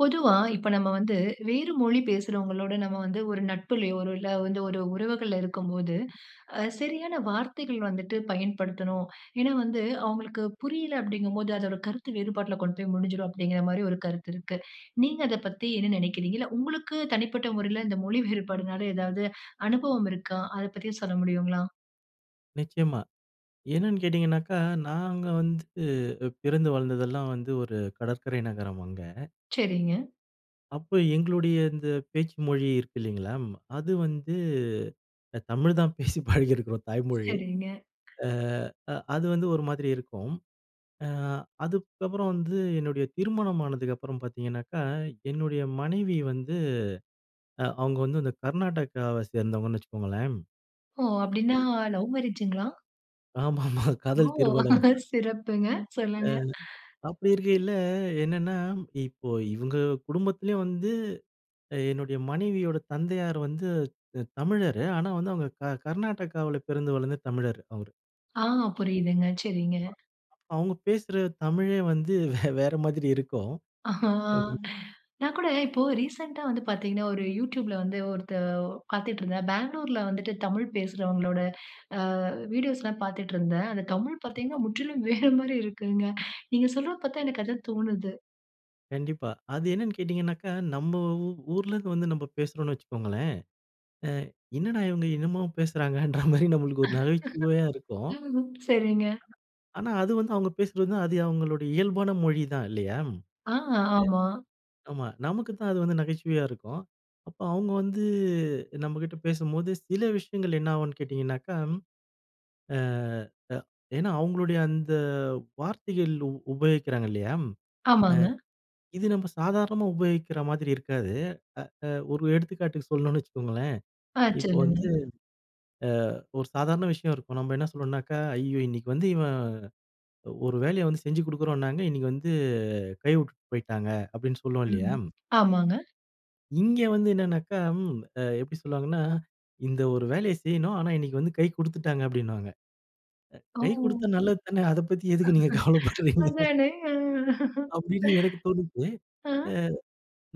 பொதுவா இப்ப நம்ம வந்து, வேறு மொழி பேசுகிறவங்களோட நம்ம வந்து ஒரு நட்புலயோ, இல்ல வந்து ஒரு உறவுகள்ல இருக்கம்போது, அ சரியான வார்த்தைகள் வந்துட்டு பயன்படுத்தணும். ஏன்னா வந்து அவங்களுக்கு புரியல அப்படீங்கும்போது அதோரு கருத்து வேறுபாட்டுல கொண்டு போய் முடிஞ்சிரும், அப்பிடீங்கிற மாரி ஒரு கருத்து இருக்கு. நீங்க அதை பத்தி என்ன நினைக்கிறீங்க? இல்ல, உங்களுக்கு தனிப்பட்ட முறையில இந்த மொழி வேறுபாடுனால ஏதாவது அனுபவம் இருக்கா? அதை பத்தி சொல்ல முடியுங்களா? நிச்சயமா. என்னென்னு கேட்டீங்கனாக்க, நாங்க வந்து பிறந்து வளர்ந்ததெல்லாம் வந்து ஒரு கடற்கரை நகரம், அங்க. சரிங்க. அப்ப எங்களுடைய இந்த பேச்சு மொழி இருக்கு இல்லைங்களா, அது வந்து தமிழ் தான் பேசி பழகியிருக்கிறோம், தாய்மொழி. சரிங்க. அ அ அது வந்து ஒரு மாதிரி இருக்கும். அ அதுக்கப்புறம் வந்து என்னுடைய திருமணம் ஆனதுக்கப்புறம் பார்த்தீங்கனாக்கா, என்னுடைய மனைவி வந்து, அ அவுங்க வந்து அந்த கர்நாடகாவை சேர்ந்தவங்கன்னு வச்சுக்கங்களேன். ஓ! அப்புடீன்னா அ. லவ் மேரேஜுங்களா? ஆமாமா காதல் ஓ! திருமணம். சிறப்புங்க! அ சொல்லுங்க. அப்பிடி இருக்கையில, என்னன்னா இப்போ இவங்க குடும்பத்திலயும் வந்து, என்னுடைய மனைவியோட தந்தையார் வந்து அ தமிழரு. ஆனா வந்து, அவுங்க க கர்நாடகாவுல பிறந்து வளர்ந்த தமிழரு அவரு. ஆ அ புரியுதுங்க, சரிங்க. அவுங்க பேசுற தமிழே வந்து வேற மாதிரி இருக்கும். அஹ்ன் [unintelligible] நான் கூட இப்போ ரீசெண்டா வந்து பார்த்தீங்கன்னா, ஒரு youtubeல வந்து ஒருத்தர் பார்த்துட்டு இருந்தேன். பெங்களூர்ல வந்துட்டு தமிழ் பேசுறவங்களோட அ வீடியோஸ்லாம் பார்த்துட்டு இருந்தேன். அந்த தமிழ் ஆமா. பார்த்தீங்கன்னா, முற்றிலும் வேற மாரி இருக்குங்க. நீங்க சொல்றத பார்த்தா எனக்கு அதான் தோணுது. கண்டிப்பா. அது என்னனு கேட்டீங்கனாக்க, நம்ம ஊர்ல இருந்து வந்து நம்ம பேசுறோம் வச்சுக்கோங்களேன், அ என்னடா இவங்க என்னமோ பேசுறாங்கன்ற மாரி நம்மளுக்கு ஒரு நகைச்சுவையா இருக்கும். ம். சரிங்க. ஆனா, அது வந்து அவங்க பேசுறது வந்து அது அவுங்களுடைய இயல்பான மொழி தான் இல்லையா? ஆ, ஆமா. ஆமா. நமக்கு தான் அது வந்து நகைச்சுவையா இருக்கும். அப்போ அவங்க வந்து நம்மகிட்ட பேசும்போது சில விஷயங்கள் என்ன ஆகும்னு கேட்டீங்கன்னாக்கா, அ ஏன்னா அவங்களுடைய அந்த வார்த்தைகள் உ உபயோகிக்றாங்க இல்லையா, அ ஆமாங்க. இது நம்ம சாதாரணமா உபயோகிக்ற மாதிரி இருக்காது. அ ஒரு எடுத்துக்காட்டுக்கு சொல்லணும்னு வச்சுக்கோங்களேன், ஆ, இப்போ வந்து சொல்லுங்க. அ ஒரு சாதாரண விஷயம் இருக்கும் நம்ம என்ன சொல்லணும்னாக்கா, "ஐயோ! இன்னிக்கு வந்து இவன் ஒரு வேலைய வந்து செஞ்சு குடுக்குறோம்னாங்க, இன்னைக்கு வந்து கை விட்டுட்டு போயிட்டாங்க." அப்டின்னு சொல்லுவோம் இல்லையா. ம். ஆமாங்க. இங்கே வந்து என்னனாக்கா எப்டி சொல்வாங்கன்னா, "இந்த ஒரு வேலைய செய்யணும். ஆனா, இன்னைக்கு வந்து கை குடுத்துட்டாங்க." அப்டின்னுவாங்க. கை குடுத்தா ஓ! நல்லது தான. அத பத்தி எதுக்கு நீங்க கவலப்பட்றீங்க? அதானே. அப்டின்னு எனக்கு தோணுது. அ அ அ.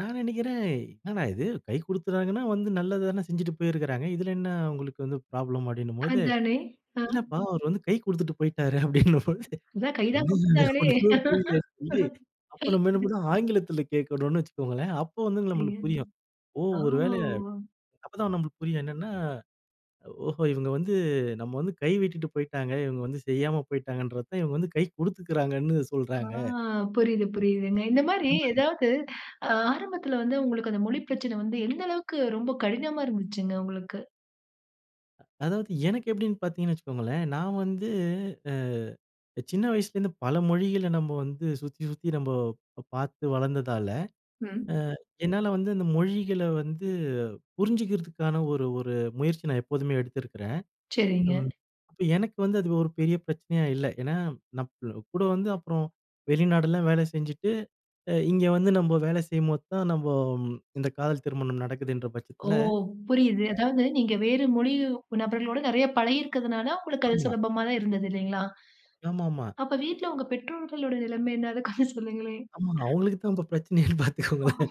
நான் நினைக்கிறன். 'என்னடா இது கை குடுத்துறாங்கன்னா வந்து நல்லது தான செஞ்சுட்டு போயிருக்கிறாங்க. இதுல என்ன அ உங்களுக்கு வந்து ப்ராப்ளம்.' அப்படின்னும்போது. அதானே, ஆ. "இல்லப்பா அவரு வந்து கை குடுத்துட்டு போய்ட்டாரு." அப்டின்னும்போது. அதான் கை தான் என்ன குடுத்துட்டாங்களே. ஒன்னுமே புரியலன்னு சொல்லி. அப்ப நம்ம என்ன ம் பண்ண ஆங்கிலத்துல கேட்கணும்னு வச்சுக்கோங்களேன். அப்போ வந்து சரிஙக. நம்மளுக்கு புரியும். ஓ ஒரு வேள ஓ! அப்பதான் நம்மளுக்கு புரியும். என்னன்னா, ஓஹோ! இவங்க வந்து அ "நம்ம வந்து கை விட்டுட்டு போய்ட்டாங்க. இவங்க வந்து செய்யாம போய்ட்டாங்கங்கன்றத தான். இவங்க வந்து கை குடுத்துக்கிறாங்கன்னு ஆ சொல்றாங்க." புரியுது புரியுதுங்க. இந்த மாரி அந்த மாரி. ஏதாவது ஆரம்பத்துல வந்து உங்களுக்கு அந்த மொழி பிரச்சன வந்து எந்த அளவுக்கு ரொம்ப கடினமா இருந்துச்சுங்க, உங்களுக்கு? அதாவது எனக்கு எப்டின்னு பார்த்திங்கன்னு வச்சுக்கோங்களேன். நான் வந்து அ சின்ன வயசுலேருந்து பல மொழிகள நம்ம வந்து சுத்தி சுத்தி நம்ம பார்த்து வளர்ந்ததால, அ ம். என்னால வந்து அந்த மொழிகள வந்து புரிஞ்சிக்கிறதுக்கான, ஒரு ஒரு முயற்சி நான் எப்போதுமே எடுத்திருக்கிறன். சரிங்க. ம் எனக்கு வந்து அது ஒரு பெரிய பிரச்சனையா இல்ல. ஏனா, நம்ம கூட வந்து அப்புறம் வெளிநாடெல்லாம் வேல செஞ்சுட்டு, அ இங்கே வந்து நம்ம வேல செய்யும்போத்தான் நம்ம இந்த காதல் திருமணம் நடக்குதுன்ற ஓ! பட்சத்துல. புரியுது. அ. அதாவது, நீங்க வேற மொழி நபர்களோடு நெறைய பழகியிருக்கிறதுனால, உங்களுக்கு அது ஆமா. சுலபமா தான் இருந்துது இல்லைங்களா. ஆமாமா. அப்ப வீட்ல உங்க பெற்றோர்களுடைய நிலைமை என்ன? அத [unintelligible] சொல்லுங்களேன். ஆமா. அவங்களுக்கு தான் இப்போ பிரச்சனையானு பார்த்துககோங்களன்.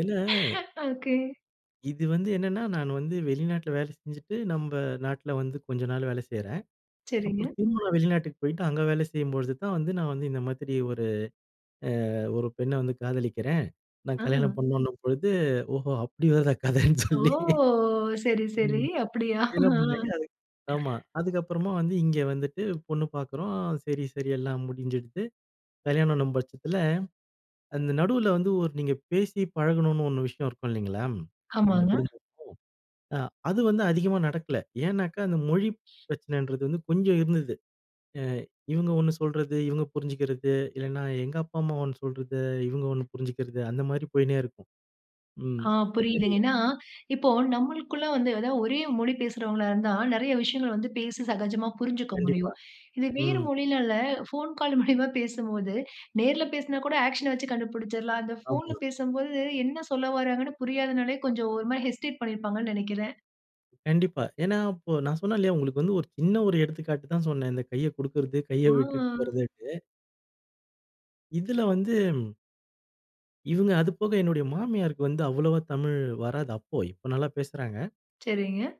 ஏனா. ஓக்கே. இது வந்து என்னன்னா நான் வந்து வெளிநாட்டில வேலை செஞ்சுட்டு, நம்ம நாட்டில வந்து கொஞ்ச நாள் வேல செய்றேன். சரிங்க. அப்புறம் திரும்பவும் நான் வெளிநாட்டுக்கு போயிட்டு அங்க வேல செய்யும்பொழுது தான் வந்து. நான் வந்து இந்த மாதிரி ஒரு அ ஒரு பெண்ணை வந்து காதலிக்கிறேன். நான் கல்யாணம் அ. பண்ணுன்ன பொழுது ஓஹோ! அப்படி வருதா கதைன்னு ஓ! சொல்லி. சரி, சரி ம். அப்படியா? என்ன ஆ. பண்ணாங்க. அது ஆமா. அதுக்கப்புறமா வந்து இங்கே வந்துட்டு பொண்ணு பார்க்குறோம். சரி, சரி எல்லாம் முடிஞ்சுருது. கல்யாணம் பட்சத்தில, அந்த நடுவுல வந்து ஒரு நீங்க பேசி பழகணும்னு ஒரு விஷயம் இருக்கும் இல்லைங்களா. 2 ஆமாங்க. குடும்பமும் அ அது வந்து அதிகமா நடக்கல. ஏன்னாக்கா? அந்த மொழி பிரச்சனைன்றது வந்து கொஞ்சம் இருந்தது. அ இவுங்க 1 சொல்றது, இவுங்க புரிஞ்சுக்கிறது. இல்லைன்னா எங்க அப்பா, அம்மா 1 சொல்றது, இவுங்க 1 புரிஞ்சிக்கிறது. அந்த மாரி போயிட்டே இருக்கும். ம். ஆ [unintelligible] தெரியல புரியுதுங்க, ஏன்னா இப்போ நம்மளுக்குள்ள வந்து ஏதாவது ஒரே மொழி பேசுகிறவங்களா இருந்தா, நெறைய விஷயங்கள் வந்து பேசி சகஜமா புரிஞ்சுக்க கண்டிப்பா. முடியும். இது வேறு ம். மொழினால ஃபோன் கால் மூலியமா பேசும்போது, நேர்ல பேசினா கூட ஆக்ஷனை வச்சு கண்டுபிடிச்சிடலாம். அந்த ஃபோன்ல ஆமா. பேசும்போது என்ன சொல்ல வராங்கன்னு புரியாதனாலே கொஞ்சம் ஒரு மாரி ஹெஸ்டேட் பண்ணியிருப்பாங்கன்னு நெனைக்கிறேன். கண்டிப்பா. ஏன்னா இப்போ நான் சொன்னேன் இல்லயா, உங்களுக்கு வந்து ஒரு சின்ன ஒரு எடுத்துக்காட்டு தான் சொன்னேன். இந்த கைய குடுக்கறது, கைய விட்டுட்டு ஆ. போறதுன்ட்டு. இதில வந்து. இவுங்க அதுபோக என்னுடைய மாமியாருக்கு வந்து அவ்வளோவா தமிழ் வராது அப்போ, இப்ப நல்லா பேசுறாங்க. சரிங்க.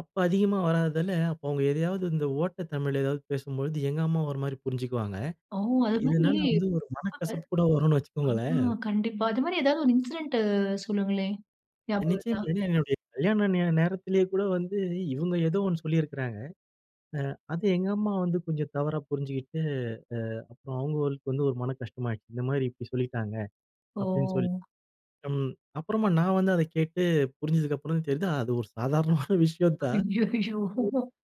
அப்போ அதிகமா வராததால, அப்போ அவங்க எதையாவது இந்த ஓட்ட தமிழ் எதாவது பேசும்பொழுது, எங்க அம்மா ஒரு மாரி புரிஞ்சுக்குவாங்க. ஓ! அது மாரி இதனால வந்து இருக்காங்க. ஒரு மனக்கசப்பு கூட வரும்னு ஆமா. வச்சுக்கோங்களேன். கண்டிப்பா. அது மாரி ஏதாவது ஒரு இன்சிடென்ட்டு சொல்லுங்களேன். ஞாபகம் வருதா? நிச்சயமா. ஏன்னா, என்னுடைய கல்யாண நேர நேரத்திலயே கூட வந்து இவுங்க ஏதோ ஒண்ணு சொல்லியிருக்கிறாங்க. அ அது எங்க அம்மா வந்து கொஞ்சம் தவறா புரிஞ்சுகிட்டு, அ அப்புறம் அவங்களுக்கு வந்து ஒரு மன கஷ்டமாயிடுச்சு. இந்த மாரி இப்டி சொல்லிட்டாங்க அப்படின்னு சொல்லி. ஓ! ம். அப்புறமா நான் வந்து அத கேட்டு புரிஞ்சதுக்கப்புறம் தான் தெரியுது அது ஒரு சாதாரணமான விஷயம் தான். ஐயய்யோ!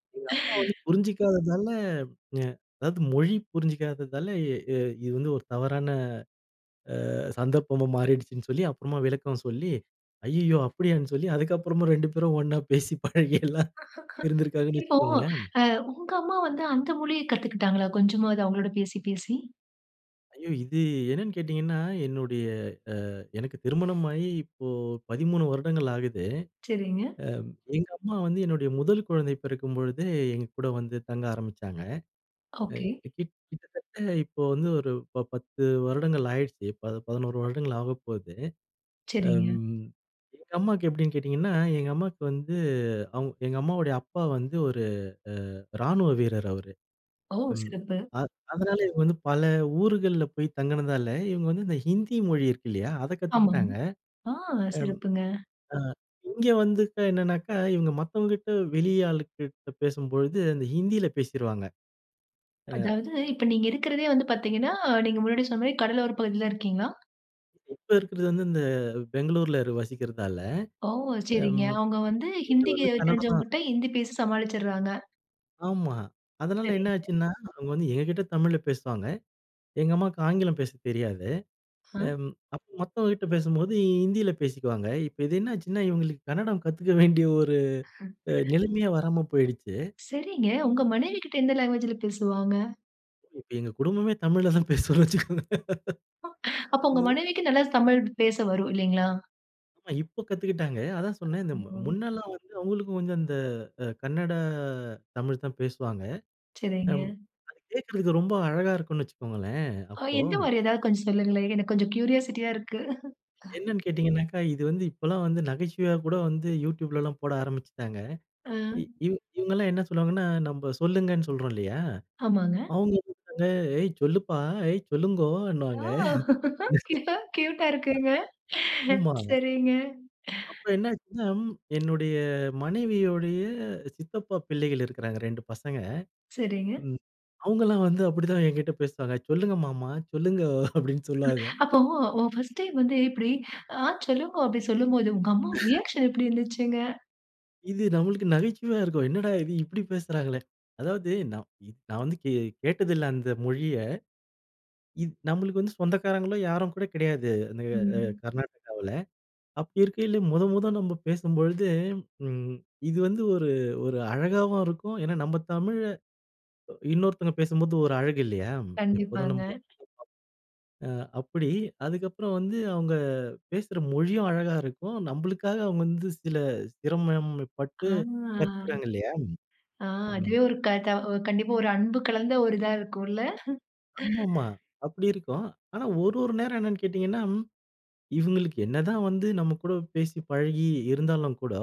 [unintelligible] எங்க அம்மா வந்து புரிஞ்சிக்காததால அ அதாவது மொழி புரிஞ்சிக்காததால, அ இது வந்து ஒரு தவறான அ சந்தர்ப்பமும் மாறிடுச்சுன்னு சொல்லி, அப்புறமா விளக்கம் சொல்லி "ஐய்யய்யோ!" அப்படியான்னு சொல்லி, அதுக்கப்புறமா 2 பேரும் ஒண்ணா பேசி, பழகி எல்லாம் இருந்திருக்காங்கன்னு இப்போ வச்சுக்கோங்களேன். அ உங்க அம்மா வந்து அந்த மொழிய கத்துக்குட்டாங்களா கொஞ்சமாவது அவங்களோட பேசி, பேசி? ஐயோ! இது என்னன்னு கேட்டிங்கன்னா, என்னுடைய அ எனக்கு திருமணம் ஆயி, இப்போ 13 வருடங்கள் ஆகுது. சரிங்க. அ எங்க அம்மா வந்து என்னுடைய முதல் குழந்தை பிறக்கும்பொழுது, எங்க கூட வந்து தங்க ஆரம்பிச்சாங்க. அ ஓகே. கிட் கிட்டத்தட்ட இப்போ வந்து ஒரு ப 10 வருடங்கள் ஆயிடுச்சு. இப்போ 11 வருடங்கள் ஆகப்போகுது. சரிங்க. அம், எங்க அம்மாவுக்கு எப்படின்னு கேட்டிங்கன்னா? எங்க அம்மாவுக்கு வந்து, அவு எங்க அம்மாவோட அப்பா வந்து ஒரு ராணுவ வீரர். அவரு ஓ! ம் சிறப்பு. அதனால இவுங்க வந்து பல ஊர்கள்ல போய் தங்கினதால இவங்க வந்து இந்த ஹிந்தி மொழி இருக்குது இல்லையா, அத ஆமாங்க, கத்துக்கிட்டாங்க. ஆ அம் சிறப்புங்க! அ இங்க வந்து என்னன்னா, இவங்க மத்தவங்ககிட்ட வெளி ஆள்கிட்ட பேசும்பொழுது அந்த ஹிந்தியில பேசிருவாங்க. ஆ. அதாவது இப்போ நீங்க இருக்கிறதே வந்து பார்த்தீங்கன்னா, நீங்க முன்னாடி சொன்ன மாதிரி கடலோர பகுதியில இருக்கீங்களா? இப்ப இருக்கறது வந்து இந்த பெங்களூர்ல வசிக்கிறதால ஓ! சரிங்க. அவங்க வந்து ஹிந்தி வந்து கன்னடம் தான். தெரிஞ்சவங்ககிட்ட ஹிந்தி பேசி சமாளிச்சர்றாங்க. ஆமா, அதனால என்ன சரிங்க. ஆச்சுன்னா? அவங்க வந்து எங்ககிட்ட தமிழ்ல பேசுவாங்க. எங்க அம்மாவுக்கு ஆங்கிலம் பேச தெரியாது. ஹா. அம் அப்ப மத்தவங்ககிட்ட பேசும்போது ஹிந்தியில பேசிக்குவாங்க. இப்போ இது என்ன ஆச்சுன்னா? இவங்களுக்கு கன்னடம் கத்துக்க வேண்டிய ஒரு அ நிலமையே வராம போய்ருச்சு. சரிங்க. உங்க மனைவி கிட்ட எந்த லாங்குவேஜ்‌ல பேசுவாங்க? இப்ப எங்க குடும்பமே, தமிழ்ல தான் பேசுவோன்னு வச்சிக்கோங்க. அப்போ உங்க ம். மனைவிக்கு நல்லா தமிழ் பேச வரும் இல்லைங்களா? அ இப்ப கத்துக்கிட்டாங்க. அதான் சொன்னேன். இந்த ஓ! முன்னெல்லாம் வந்து, அவுங்களுக்கும் கொஞ்சம் அந்த, அ கன்னட தமிழ் தான் பேசுவாங்க. அம் சரிங்க. அது கேக்குறதுக்கு ரொம்ப அழகா இருக்கும்னு வச்சிக்கோங்களேன். அ அப்போ, எந்த மாதிரி, ஏதாவது கொஞ்சம் சொல்லுங்களேன். எனக்கு கொஞ்சம் கியூரியாசிட்டியா இருக்கு. அ. என்னன்னு கேட்டீங்கன்னாக்கா, இது வந்து, இப்போலாம் வந்து, நகைச்சுவையா கூட வந்து YouTubeலலாம் போட ஆரம்பிச்சுட்டாங்க. அ. இ இவு இவுங்க எல்லாம் என்ன சொல்லுவாங்கன்னா, நம்ப சொல்லுங்கன்னு சொல்றோம் இல்லையா, ஆமாங்க. அவுங்க வந்து ஏய் ச்சொல்லுப்பா, ஏய் ஓ! ச்சொல்லுங்கோன்னுவாங்க. க்யூட்டா, க்யூட்‌டா இருக்குங்க. ஆமாமா. சரிங்க. அப்போ என்ன ஆச்சுன்னா, என்னுடைய மனைவியுடைய சித்தப்பா பிள்ளைகள் இருக்குறாங்க. 2 பசங்க. சரிங்க. ம் அவுங்கல்லாம் வந்து, அப்படித்தான் என்கிட்ட பேசுவாங்க. "சொல்லுங்க மாமா, சொல்லுங்கோ" அப்படின்னு சொல்வாங்க. அப்போ உன் ஃபர்ஸ்ட் டைம் வந்து, இப்படி ஆ "சொல்லுங்கோ" அப்டி சொல்லும்போது, உங்க அம்மாவுக்கு ரியாக்ஷன் எப்டி இருந்துச்சுங்க? இது நம்மளுக்கு நகைச்சுவையா இருக்கும். என்னடா இது இப்டி பேசுறாங்களே. அதாவது நான் இ நான் வந்து கே கேட்டதில்ல. அந்த மொழிய. இது நம்மளுக்கு வந்து சொந்தக்காரங்களும் யாரும் கூட கிடையாது. அந்த எ அ ம். கர்நாட்டகாவுல. அப்படி இருக்கையில, மொத மொத நம்ப பேசும்பொழுது, ம் இது வந்து ஒரு, ஒரு அழகாவும் இருக்கும். ஏன்னா நம்ப தமிழ்ல, இன்னொருத்தங்க பேசும்போது, ஒரு அழகு இல்லையா, எப்போதும் கண்டிப்பாங்க. நமக்கு. [unintelligible] ஆ அப்புடி அதுக்கப்புறம் வந்து, அவுங்க பேசுற மொழியும் அழகா இருக்கும். நம்பளுக்காக அவங்க வந்து, சில சிரமப்பட்டு ஆ கற்கிறாங்க இல்லையா? அ ம். அதுவே ஒரு க த ஒ கண்டிப்பா ஒரு அன்பு கலந்த ஒரு இதா இருக்கும்ல! ஆமாமா. அப்டி இருக்கும். ஆனா, ஒரு ஒரு நேரம் என்னன்னு கேட்டிங்கன்னா, இவுங்களுக்கு என்னதான் வந்து நம்ம கூட பேசி பழகி இருந்தாலும் கூட,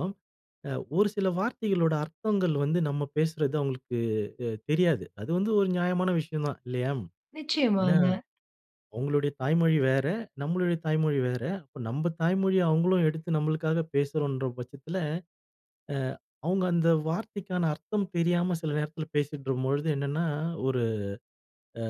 அ ஒரு சில வார்த்தைகளோட அர்த்தங்கள் வந்து, நம்ம பேசுறது அவுங்களுக்கு அ தெரியாது. அது வந்து ஒரு நியாயமான விஷயம் தான், இல்லையா. ம் ஏன்னா, நிச்சயமாங்க. அவங்களுடைய தாய்மொழி வேற, நம்மளுடைய தாய்மொழி வேற, அப்போ நம்ப தாய்மொழிய, அவுங்களும் எடுத்து, நம்பளுக்காக பேசுறோன்ற பட்சத்தில, அ அவுங்க அந்த வார்த்தைக்கான அர்த்தம் தெரியாம, சில நேரத்தில பேசிட்ரும்பொழுது என்னன்னா, ஒரு அ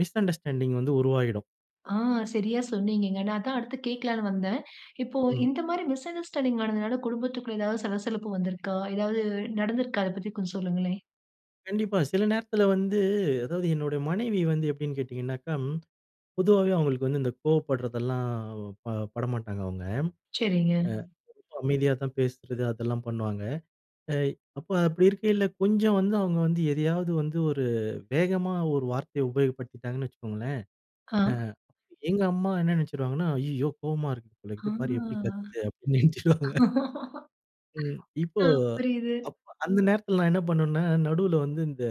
மிஸ் அண்டர்ஸ்டாண்டிங் வந்து உருவாயிடும். ஆ, சரியா சொன்னீங்கங்க. நா அதான் அடுத்து கேட்கலான்னு வந்தேன். இப்போ ம். இந்த மாரி மிஸ் அண்டர்ஸ்டாண்டிங் நடந்ததுனால குடும்பத்துக்குள்ள எதாவது சலசலப்பு வந்திருக்கா? ஏதாவது நடந்திருக்கா? அதை பத்தி கொஞ்ச சொல்லுங்களே. கண்டிப்பா. சில நேரத்துல வந்து அதாவது என்னுடைய மனைவி வந்து எப்டீன்னு கேட்டீங்கன்னாக்கா, பொதுவாவே அவங்களுக்கு வந்து இந்த கோவப்பட்றதெல்லாம், ப பட மாட்டாங்க அவங்க. அ, செரிங்க. ரொம்ப அமைதியா தான் பேசுறது அதெல்லாம் பண்ணுவாங்க. எ அப்ப அப்படி இருக்கைல கொஞ்ச வந்து அவங்க வந்து எதையாவது வந்து ஒரு வேகமா ஒரு வார்த்தைய உபயோகப்படுத்திட்டாங்கன்னு வச்சுக்கோங்களேன். அ. அ, எங்க அம்மா என்ன நினச்சுருவாங்கன்னா, "ஐயயோ! கோவமா இருக்குது போல ஆ. இது. பாரு எப்டி கத்துது" அப்டீன்னு ஆ. நினைச்சிடுவாங்க. ம். இப்போ, ம். புரியுது. அப்ப அந்த நேரத்தில நான் என்ன பண்ணவேன்னா, நடுவுல வந்து இந்த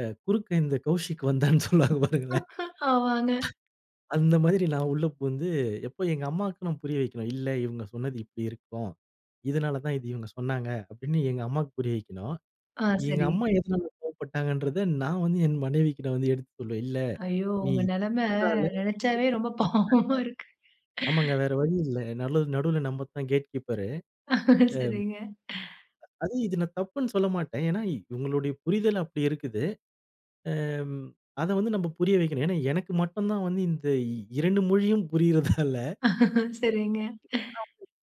அ "குறுக்க இந்த கௌசிக் வந்தான்னு" சொல்லுவாங்க பாருங்களேன். ஆமாங்க. அந்த மாதிரி நான் உள்ள புகுந்து, இப்ப எங்க அம்மாக்கு நான் புரிய வைக்கணும். "இல்ல, இவங்க சொன்னது இப்பிடி இருக்கும். இதனால தான் இது இவங்க சொன்னாங்க" அப்டீன்னு எங்க அம்மாக்கு புரிய வைக்கணும். ஆ, எங்க செரி. அம்மா எதனால கோவப்பட்டாங்கன்றத நான் வந்து என் மனைவிக்கிட வந்து எடுத்து சொல்வேன். "இல்ல. ஐயோ! நீ உங்க இத நெலமை சொன்னதால, இத நினைச்சாவே ரொம்ப இப்டி பாவமா இருக்கு. புரிஞ்சுக்கிட்டாங்க". ஆமாங்க வேற வழி இல்ல. நலு நடு நடுவுல நம்ம தான் கேட் கீப்பரு. எம் சரிங்க. அது இது நான் தப்புன்னு சொல்லமாட்டேன். ஏன்னா, இவங்களோட புரிதல் அப்டி இருக்குது. ஏம் அத வந்து நாம புரிய வைக்கணும். ஏன்னா, எனக்கு மட்டும் தான் வந்து இந்த இ இரண்டு மொழியும் புரியிறதால சரிங்க.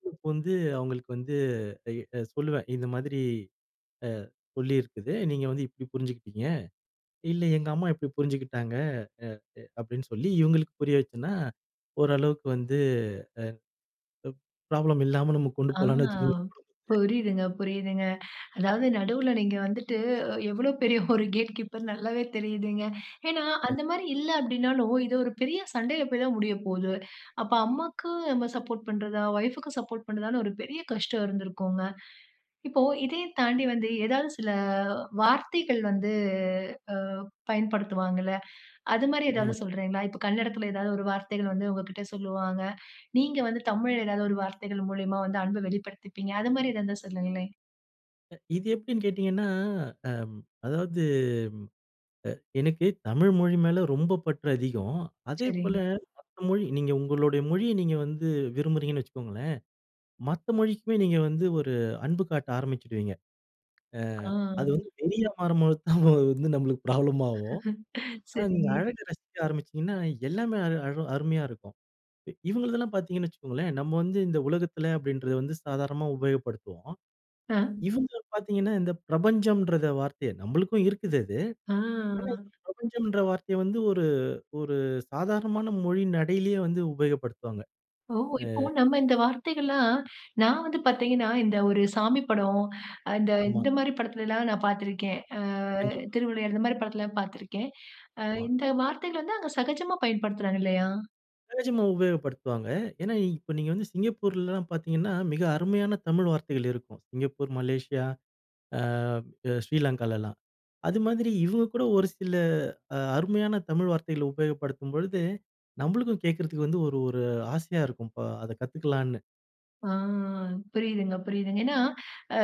[unintelligible] வந்து அவங்களுக்கு வந்து அ, சொல்லுவேன் "இந்த மாதிரி அ, சொல்லியிருக்குது, நீங்க வந்து இப்டி புரிஞ்சுகிட்டீங்க." "இல்ல எங்க அம்மா இப்டி புரிஞ்சுகிட்டாங்க" அ, அ அப்படின்னு சொல்லி இவ்ங்களுக்கு புரிய வச்சேன்னா, ஓரளவுக்கு வந்து அ, ப் ப்ராப்ளம் இல்லாம நம்ம கொண்டு ஆ, போலாம்னு வச்சுக்கோங்க குடும்பத்த. புரியுதுங்க, புரியுதுங்க. அதாவது நடுவுல நீங்க வந்துட்டு, அ எவ்ளோ பெரிய ஒரு கேட் கீப்பர் நல்லாவே தெரியுதுங்க. ஏன்னா, அந்த கண்டிப் மாரி இல்ல அப்டீன்னாலும், இது ஒரு பெரிய சண்டையில போயி தான் முடியப்போது. அப்போ, அம்மாக்கு நம்ம சப்போர்ட் பண்ணுறதா? ஒய்ஃபுக்கு சப்போர்ட் பண்ணுறதான்னு ஒரு பெரிய கஷ்டம் இருந்திருக்குங்க. இப்போ, இதயும் தாண்டி வந்து ஏதாவது சில அ வார்த்தைகள் வந்து அ, பயன்படுத்துவாங்கல? அது மாரி ஏதாவது ஆமா. சொல்றேங்களா? இப்போ கன்னடத்தில ஏதாவது ஒரு வார்த்தைகள் வந்து உங்க கிட்ட சொல்லுவாங்க. நீங்க வந்து தமிழ்ல ஏதாவது ஒரு வார்த்தைகள் மூலியமா வந்து அன்பை வெளிப்படுத்திப்பீங்க. அது மாரி ஏதாவது இருந்தா சொல்லுங்களேன். அ இது எப்டின்னு கேட்டிங்கன்னா, அம் அதாவது அ எனக்கு தமிழ் மொழி மேல ரொம்ப பற்று அதிகம். அதேபோல சரிங்க. மற்ற மொழி நீங்க உங்களுடைய மொழிய நீங்க வந்து விரும்புறீங்கன்னு வச்சுக்கோங்களேன், மத்த மொழிக்குமே நீங்க வந்து ஒரு அன்பு காட்ட ஆரம்பிச்சுடுவீங்க. அ ஆ. அது வந்து வெறியா மாறும்போது தான் வந்து நம்மளுக்கு ப்ராப்ளம் ஆகும். ஆனா நீங்க சரிங்க. அழக ரசிக்க ஆரம்பிச்சிட்டீங்கன்னா எல்லாமே அழ அழ அருமையா இருக்கும். இ இவங்களுதெல்லாம் பாத்தீங்கன்னு வச்சுக்கோங்களேன் நம்ம வந்து இந்த உலகத்துல அப்டின்றத வந்து சாதாரணமா உபயோகப்படுத்துவோம். அ. இவங்க பாத்தீங்கன்னா இந்த பிரபஞ்சம்ன்றத வார்த்தைய நம்மளுக்கும் இருக்குது அது. ஆ. ஆனா, இந்த பிரபஞ்சம்ன்ற வார்த்தைய வந்து ஒரு ஒரு சாதாரணமான மொழி நடையிலயே வந்து உபயோகப்படுத்துவாங்க. ஓ! அ. இப்போ நம்ம இந்த வார்த்தைகள்லாம் நான் வந்து பாத்தீங்கன்னா, இந்த ஒரு சாமி படம், அ இந்த ஆமா. இந்த மாரி படத்துலலாம் நான் பாத்துருக்கேன். அ கண்டிப்பா. திருவிளையாடல் இந்த மாரி படத்துலலாம் பாத்துருக்கேன். அ வா இந்த வார்த்தைகள் வந்து அங்க சகஜமா பயன்படுத்துறாங்க இல்லையா? தேஜும உபயோகப்படுத்துவாங்க. ஏனா, இ இப்ப நீங்க வந்து சிங்கப்பூர்லலாம் பாத்தீங்கன்னா, மிக அருமையான தமிழ் வார்த்தைகள் இருக்கும் சிங்கப்பூர், மலேசியா, அ அ ஸ்ரீலங்காலலாம். அதுமாதிரி இவங்க கூட ஒரு சில அ அருமையான தமிழ் வார்த்தைகள உபயோகப்படுத்தும்பொழுது நம்ளுக்கும் கேட்கறதுக்கு வந்து ஒரு ஒரு ஆசையா இருக்கும் இப்ப அத கத்துக்கலான்னு. ஆ புரியுதுங்க, புரியுதுங்க. ஏனா,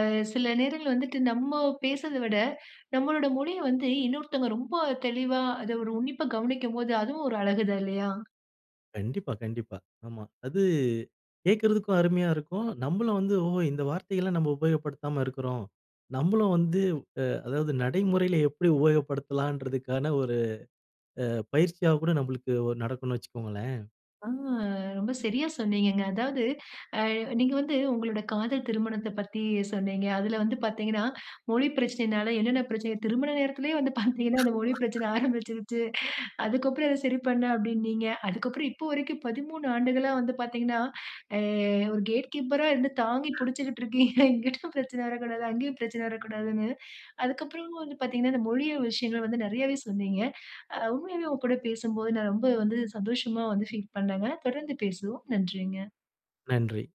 அ சில நேரங்கள்ல வந்துட்டு நம்ம பேசுறத விட, நம்மளோட மொழிய வந்து இன்னொருத்தங்க ரொம்ப தெளிவா அத ஒரு உன்னிப்பா கவனிக்கும்போது அதுவும் ஒரு அழகு தான் இல்லையா? கண்டிப்பா, கண்டிப்பா. ஆமா. அது கேக்குறதுக்கும் அருமையா இருக்கும். நம்மளும் வந்து ஓஹோ, இந்த வார்த்தைலாம் நம்ம உபயோகப்படுத்தாம இருக்குறோம். நம்மளும் வந்து, அ அதாவது நடைமுறையில எப்டி உபயோகப்படுத்தலான்றதுக்கான ஒரு அ பயிற்சியா கூட நம்ளுக்கு ஒரு நடக்குன்னு வச்சுக்கோங்களேன். அ ரொம்ப சரியா சொன்னீங்கங்க. அதாவது, அ நீங்க வந்து உங்களோட காதல் திருமணத்த பத்தி சொன்னீங்க, அதுல வந்து பாத்தீங்கன்னா, மொழி பிரச்சனனாலே என்னென்ன பிரச்சனைக திருமண நேரத்திலயே வந்து பாத்தீங்கன்னா, அந்த மொழி பிரச்சன ஆரம்பிச்சுருச்சு. அதுக்கப்றம் அத சரி பண்ணேன் அப்டீன்னீங்க. அதுக்கப்றம் இப்போ வரைக்கும் 13 வந்து பாத்தீங்கன்னா, அ ஒரு கேட் கீப்பரா இருந்து தாங்கி புடிச்சுக்கிட்டு இருக்கீங்க, இங்கிட்டும் பிரச்சன வரக்கூடாது அங்கயும் பிரச்சன வரக்கூடாதுனு. அதுக்கப்புறமும் வந்து பாத்தீங்கனா இந்த மொழிய விஷயங்கள வந்து நிறையவே சொன்னீங்க. அ உண்மையாவே உங்க கூட பேசும்போது நான் ரொம்ப வந்து சந்தோஷமா வந்து ஃபீல் பண்னேங்க. தொடர்ந்து பேசுவோம். நன்றிங்க. நன்றி.